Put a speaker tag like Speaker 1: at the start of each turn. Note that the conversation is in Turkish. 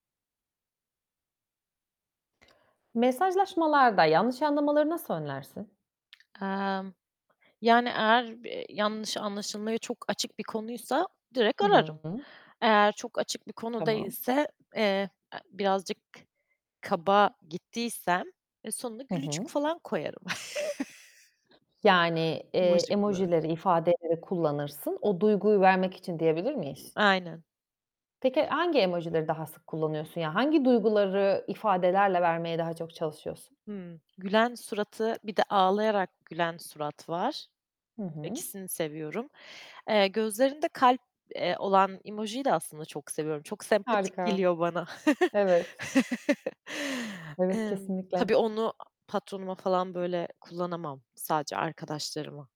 Speaker 1: Mesajlaşmalarda yanlış anlamaları nasıl önlersin?
Speaker 2: Emm, yani, eğer b yanlış anlaşılmaya çok açık bir konuysa direkt
Speaker 1: Hı
Speaker 2: ararım,
Speaker 1: hı.
Speaker 2: Eğer çok açık bir konu
Speaker 1: Tamam.
Speaker 2: değilse, eee, e, birazcık kaba gittiysem, e, sonunda
Speaker 1: Hı
Speaker 2: gülücük
Speaker 1: hı.
Speaker 2: falan koyarım.
Speaker 1: Yani, eee,
Speaker 2: Emoji kullanırım.
Speaker 1: emojileri, ifadeleri kullanırsın. O duyguyu vermek için diyebilir miyiz?
Speaker 2: Aynen.
Speaker 1: Peki, hangi emojileri daha sık kullanıyorsun? Yani, hangi duyguları ifadelerle vermeye daha çok çalışıyorsun?
Speaker 2: Hmm, gülen suratı bir de ağlayarak gülen surat var,
Speaker 1: Hı hı.
Speaker 2: ikisini seviyorum. Eee, gözlerinde kalp, eee, olan emojiyi de aslında çok seviyorum, çok sempatik
Speaker 1: Harika,
Speaker 2: geliyor bana.
Speaker 1: evet. Evet,
Speaker 2: Emm, tabii
Speaker 1: kesinlikle.
Speaker 2: onu a patronuma falan, böyle, kullanamam, sadece arkadaşlarıma.